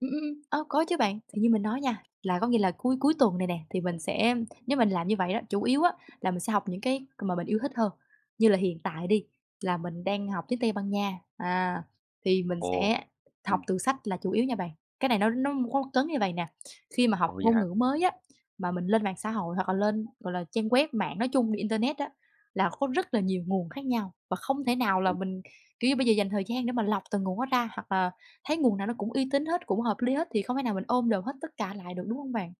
Ừm, ừm, ừm. Ơ, có chứ bạn, thì như mình nói nha, là có nghĩa là cuối cuối tuần này nè thì mình sẽ nếu mình làm như vậy đó, chủ yếu á là mình sẽ học những cái c mà mình yêu thích hơn, như là hiện tại đi là mình đang học tiếng Tây Ban Nha, à, thì mình Ồ! sẽ học Ừm. từ sách là chủ yếu nha bạn. Cái này nó nó [unintelligible] cấn như vậy nè, khi mà học Ồ, vậy ngôn hả? ngữ mới á, mà mình lên mạng xã hội hoặc là lên, gọi là, trang web mạng nói chung, internet á, là có rất là nhiều nguồn khác nhau và không thể nào là Đúng. mình, kiểu như, bây giờ dành thời gian để mà lọc từng nguồn đó ra. Hoặc là thấy nguồn nào nó cũng uy tín hết, cũng hợp lý hết, thì không thể nào mình ôm đồm hết tất cả lại được, đúng hông bạn?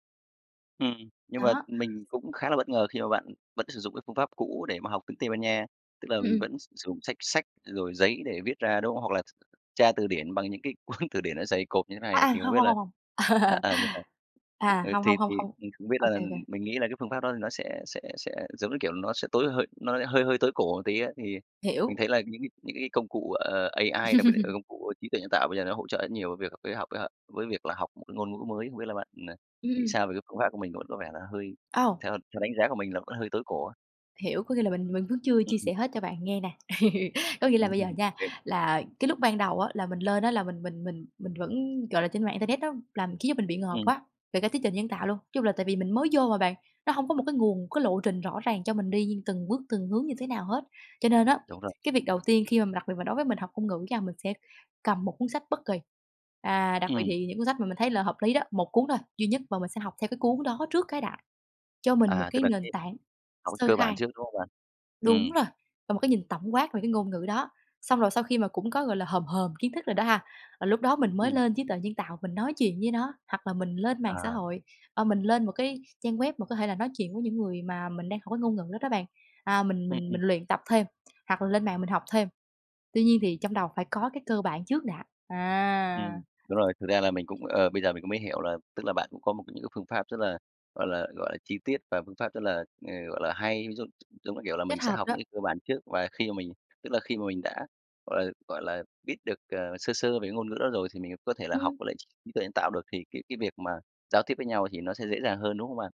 Ừm. Nhưng mà Đó. mình cũng khá là bất ngờ khi mà bạn vẫn sử dụng cái phương pháp cũ để mà học tiếng Tây Ban Nha, tức là Ừm, mình ừm. vẫn s sử dụng sách sách rồi giấy để viết ra, đúng không? Hoặc là tr tra từ điển bằng những cái cuốn từ điển nó dày cộp như thế À, này, à, thì không hông, biết hông, là hông, hông. à, à, vậy hả? À, Ừ, hông, thì hông, hông, thì hông. mình không biết là, OK, ừm OK. mình nghĩ là cái phương pháp đó thì nó sẽ sẽ sẽ, giống như kiểu, nó sẽ tối hơi nó hơi hơi tối cổ một tí á. Thì mình Hiểu. thấy là những cái những cái công cụ, ờ, AI, đặc biệt là, ừ, công cụ trí tuệ nhân tạo bây giờ nó hỗ trợ rất nhiều việc với học, với h với việc là học một cái ngôn ngữ mới. Không biết là bạn, à, Ừm, nghĩ ừm. sao về cái phương pháp của mình? Vẫn có vẻ là hơi Ồ! theo theo đánh giá của mình là vẫn hơi tối cổ á. Hiểu, có nghĩa là mình mình vẫn chưa Ừm, chia sẻ ừm. hết cho bạn nghe nè. Có nghĩa Ừm, là bây giờ ừm, ừm, nha, OK. là cái lúc ban đầu á, là mình lên á là mình mình mình mình vẫn gọi là, trên mạng internet nó làm khiến cho mình bị ngợp Ừm. quá, về cả trí tuệ nhân tạo luôn. Chung là tại vì mình mới vô mà bạn, nó hông có một cái nguồn, cái lộ trình rõ ràng cho mình đi từng bước, từng hướng như thế nào hết. Cho nên á, Đúng rồi. cái việc đầu tiên khi mà mình đặc biệt là đối với mình học ngôn ngữ nha, mình sẽ cầm một cuốn sách bất kỳ, à, đặc biệt Ừm. thì những cuốn sách mà mình thấy là hợp lý đó, 1 cuốn thôi, duy nhất và mình sẽ học theo cái cuốn đó trước cái đã, cho mình một À, tức cái là nền cái tảng học cái sơ cơ bản khai. trước, đúng không bạn? Đúng Ừm. rồi, và một cái nhìn tổng quát về cái ngôn ngữ đó, xong rồi sau khi mà cũng có, gọi là, hòm hòm kiến thức rồi đó ha, rồi lúc đó mình mới Ừm. lên trí tuệ nhân tạo, mình nói chuyện với nó. Hoặc là mình lên mạng xã À. hội, ờ, mình lên một cái trang web mà có thể là nói chuyện với những người mà mình đang học cái ngôn ngữ đó đó bạn, à, mình Ừm, mình ừm. mình luyện tập thêm, hoặc là lên mạng mình học thêm. Tuy nhiên thì trong đầu phải có cái cơ bản trước đã, à. Ừm. Đúng rồi, thực ra là mình cũng, ờ, bây giờ mình mới hiểu là tức là bạn cũng có một cái những phương pháp rất là, gọi là, gọi là, chi tiết và phương pháp rất là, ờ, gọi là, hay. Ví dụ, giống như kiểu là, Kết mình sẽ hợp học đó. những cái cơ bản trước, và khi mà mình tức là khi mà mình đã, gọi là, gọi là, biết được, ờ, sơ sơ về cái ngôn ngữ đó rồi thì mình có thể là học Ừm. với lại trí tuệ nhân tạo được, thì cái cái việc mà giao tiếp với nhau thì nó sẽ dễ dàng hơn, đúng không bạn?